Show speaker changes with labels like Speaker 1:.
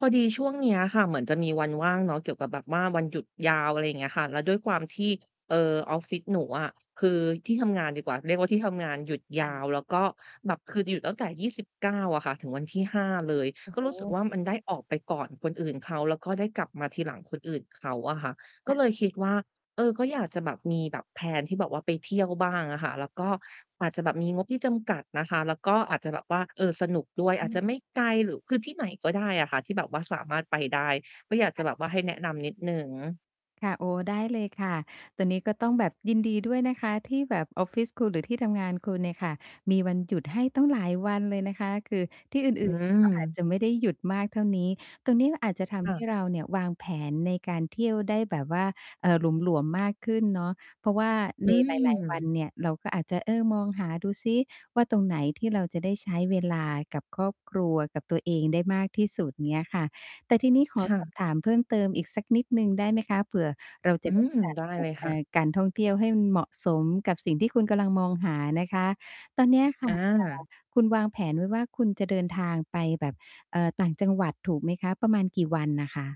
Speaker 1: พอดีช่วงเนี้ยค่ะเหมือนจะมีวันว่างเนาะ เกี่ยวกับแบบว่าวันหยุดยาว อะไรอย่างเงี้ยค่ะ แล้วด้วยความที่ เอ่อ ออฟฟิศหนูอะ คือที่ทำงานดีกว่า เรียกว่าที่ทำงานหยุด
Speaker 2: ค
Speaker 1: ย
Speaker 2: ่
Speaker 1: า
Speaker 2: ะ
Speaker 1: วแล้วก็แบบคือหยุดตั้งแต่ 29 อะค่ะ ถึงวันที่ 5 เลย
Speaker 2: โอ้
Speaker 1: ก็
Speaker 2: โ
Speaker 1: รู้สึก
Speaker 2: ฮ
Speaker 1: ว่ามันได้ออกไปก่อนคนอื่นเขา แล้วก็ได้กลับมาทีหลังคนอื่นเขาอะค่ะ ก
Speaker 2: ค
Speaker 1: ็
Speaker 2: ่
Speaker 1: เล
Speaker 2: ะ
Speaker 1: ยคิดว่า เออ ก็อยากจะแบบมีแบบ แพลน ที่แบบว่าไปเที่ยวบ้างอะค่ะ แล้วก็อาจจะแบบมีงบที่จำกัดนะคะ แล้วก็อาจจะแบบว่า เออ สนุกด้วย
Speaker 2: อ
Speaker 1: อาจ
Speaker 2: ื
Speaker 1: จ
Speaker 2: อ
Speaker 1: ะไม่ไกลหรือ คือที่ไหนก็ได้อะค่ะที่แบบว่าสามารถไปได้ ก็อยากจ
Speaker 2: ค
Speaker 1: ะ
Speaker 2: ่ะ
Speaker 1: แบบว่าให้แนะนำนิดหนึ่ง
Speaker 2: ค่ะ โอ้โฮ ได้เลยค่ะ ตรงนี้ก็ต้องแบบยินดีด้วยนะคะ ที่แบบออฟฟิศคุณหรือที่ทำงานคุณเนี่ยค่ะมีวันหยุดให้ตั้งหลายวันเลยนะคะ คือที่ อ
Speaker 1: อื
Speaker 2: ื่น ๆ เนี่ยเขาอาจ
Speaker 1: ม
Speaker 2: จะไม่ได้ หยุดมากเท่านี้ ตรงนี้อาจจะท
Speaker 1: ค
Speaker 2: ำ
Speaker 1: ่
Speaker 2: ให้
Speaker 1: ะ
Speaker 2: เราเนี่ยวางแผนในการเที่ยวได้แบบว่า เอ่อ หลวม ๆ มากขึ้นเนาะ เพราะว่า
Speaker 1: อ
Speaker 2: ใ
Speaker 1: ื
Speaker 2: น หลาย ๆ วัน
Speaker 1: ม
Speaker 2: เนี่ยเราก็อาจจะ เออ มองหาดูซิว่า ตรงไหนที่เราจะได้ใช้เวลากับครอบครัว กับตัวเองได้มากที่สุด เงี้ยค่ะ แต่ทีนี้ขอ
Speaker 1: ค่
Speaker 2: ส
Speaker 1: ะ
Speaker 2: อบ ถามเพิ่มเติมอีกสักนิดหนึ่งได้ไหมคะ เผื่อเรา จ
Speaker 1: อ
Speaker 2: ะ
Speaker 1: ื
Speaker 2: ได้
Speaker 1: ม
Speaker 2: จัด
Speaker 1: ได้
Speaker 2: แบ
Speaker 1: เล
Speaker 2: บ
Speaker 1: ย
Speaker 2: เ
Speaker 1: ค
Speaker 2: อ
Speaker 1: ่
Speaker 2: ่
Speaker 1: ะ
Speaker 2: อ การท่องเที่ยวให้เหมาะสมกับสิ่งที่คุณกำลังมองหานะคะ ตอนเนี้ยค่ะ
Speaker 1: อ
Speaker 2: เอ่อ
Speaker 1: า
Speaker 2: คุณวางแผนไว้ว่าคุณจะเดินทางไปแบบ เอ่อ ต่างจังหวัดถูกไหมคะ? ประมาณกี่วันอะคะ?